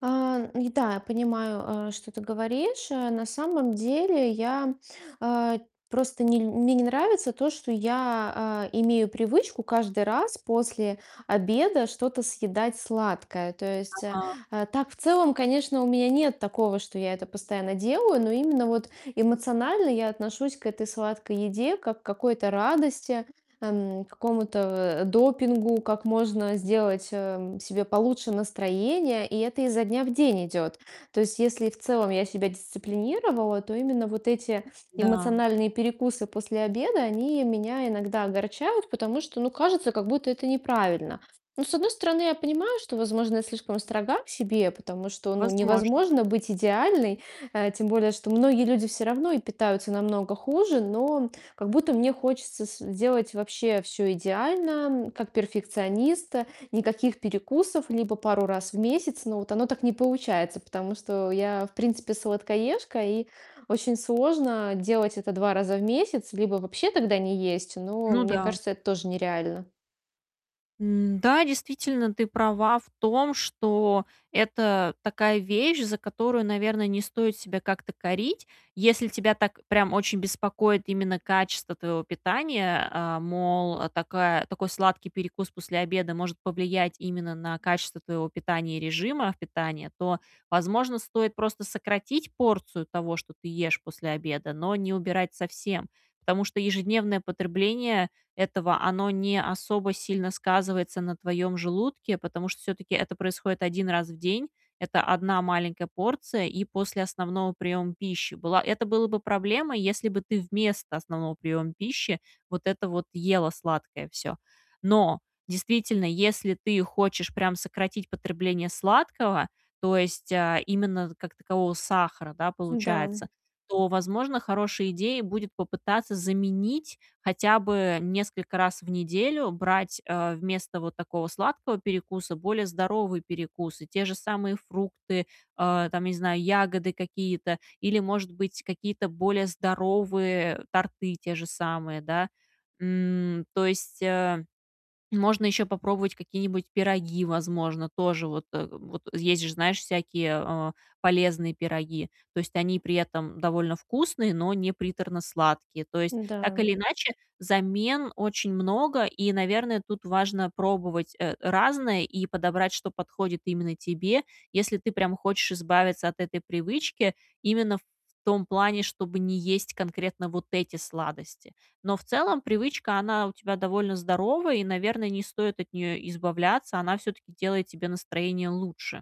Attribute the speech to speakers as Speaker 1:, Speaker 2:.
Speaker 1: А, н да, я понимаю, что ты говоришь. На самом деле я, э, просто не мне не нравится то, что я, э, имею привычку каждый раз после обеда что-то съедать сладкое. То есть, э,
Speaker 2: Ага.
Speaker 1: так, в целом, конечно, у меня нет такого, что я это постоянно делаю, но именно вот эмоционально я отношусь к этой сладкой еде, как какой-то радости, м, какому-то, э, допингу, как можно сделать, эм, себе получше настроение, и это изо дня в день идет. То есть, если в целом, я себя дисциплинировала, то именно вот эти
Speaker 2: Да.
Speaker 1: эмоциональные перекусы после обеда они меня иногда огорчают, потому что, ну, кажется, как будто это неправильно. Ну, с одной стороны, я понимаю, что, возможно, я слишком строга к себе, потому что, ну,
Speaker 2: Возможно.
Speaker 1: невозможно быть идеальной, э, тем более, что многие люди всё равно и питаются намного хуже, но как будто мне хочется сделать вообще всё идеально, м, как перфекционист, никаких перекусов либо пару раз в месяц, но вот оно так не получается, потому что я, в принципе, сладкоежка, и очень сложно делать это 2 раза в месяц, либо вообще тогда не есть, но
Speaker 2: Ну
Speaker 1: мне
Speaker 2: да.
Speaker 1: кажется, это тоже нереально.
Speaker 2: Н-да, действительно ты права в том, что это такая вещь, за которую, наверное, не стоит себя как-то корить. Если тебя так прям очень беспокоит именно качество твоего питания, э, мол, такая такой сладкий перекус после обеда может повлиять именно на качество твоего питания и режима питания, то, возможно, стоит просто сократить порцию того, что ты ешь после обеда, но не убирать совсем. Потому что ежедневное потребление этого, оно не особо сильно сказывается на твоём желудке, потому что всё-таки это происходит 1 раз в день. Это 1 маленькая порция, и после основного приёма пищи была. Это было бы проблемой, если бы ты вместо основного приёма пищи вот это вот ела сладкое всё. Но, действительно, если ты хочешь прям сократить потребление сладкого, то есть, э, именно как такового сахара, да,
Speaker 1: Да.
Speaker 2: получается, то, возможно, хорошей идеей будет попытаться заменить, хотя бы несколько раз в неделю брать, э, вместо вот такого сладкого перекуса более здоровые перекусы, те же самые фрукты, э, там, не знаю, ягоды какие-то или, может быть, какие-то более здоровые торты те же самые, да? М, то есть, э, можно ещё попробовать какие-нибудь пироги, возможно. Тоже вот вот есть же, знаешь, всякие, э, полезные пироги. То есть они при этом довольно вкусные, но не приторно сладкие. То есть, так
Speaker 1: Да.
Speaker 2: или иначе, замен очень много, и, наверное, тут важно пробовать, э, разное и подобрать, что подходит именно тебе, если ты прям хочешь избавиться от этой привычки именно в том плане, чтобы не есть конкретно вот эти сладости. Но в целом привычка, она у тебя довольно здоровая и, наверное, не стоит от неё избавляться, она всё-таки делает тебе настроение лучше.